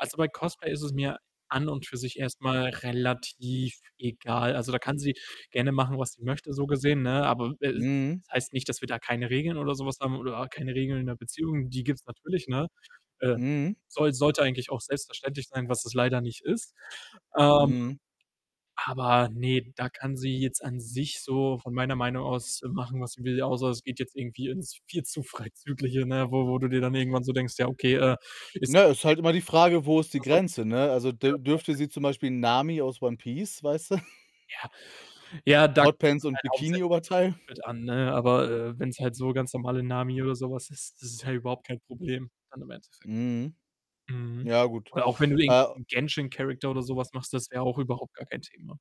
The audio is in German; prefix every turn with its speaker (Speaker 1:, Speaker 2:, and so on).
Speaker 1: Also, bei Cosplay ist es mir an und für sich erst mal relativ egal. Also, da kann sie gerne machen, was sie möchte, so gesehen, ne? Aber w äh, es
Speaker 2: Mhm.
Speaker 1: es heißt nicht, dass wir da keine Regeln oder so was haben oder keine Regeln in der Beziehung, die gibt's natürlich, ne? Äh,
Speaker 2: Mhm.
Speaker 1: soll sollte eigentlich auch selbstverständlich sein, was es leider nicht ist, ähm,
Speaker 2: Mhm.
Speaker 1: aber ne, da kann sie jetzt an sich so von meiner Meinung aus machen, was sie will. Außer es geht jetzt irgendwie ins viel zu Freizügliche, ne, wo wo du dir dann irgendwann so denkst: „Ja, okay, äh, ist
Speaker 2: Ne,
Speaker 1: sie zeigt
Speaker 2: ist halt immer
Speaker 1: mehr
Speaker 2: die Frage: „Wo
Speaker 1: Haut
Speaker 2: ist die
Speaker 1: als sonst
Speaker 2: Grenze“,
Speaker 1: irgendwas.“
Speaker 2: ne? Also, dü dürfte sie zum
Speaker 1: [unintelligible]
Speaker 2: Beispiel Nami aus One Piece, weißte?
Speaker 1: Ja, ja, da kommt's
Speaker 2: Hotpants
Speaker 1: dann
Speaker 2: und
Speaker 1: halt hauptsächlich auf das
Speaker 2: Bikini-Oberteil?
Speaker 1: Outfit an, ne? Aber, äh, wenn's halt so ganz normale „Nami“ oder so was ist, das ist ja überhaupt kein Problem dann im Endeffekt.
Speaker 2: Mhm.
Speaker 1: Mhm.
Speaker 2: Ja gut,
Speaker 1: Oder auch wenn du irgend'
Speaker 2: äh
Speaker 1: nen „Genshin-Character“ oder sowas machst, das wäre auch überhaupt gar kein Thema.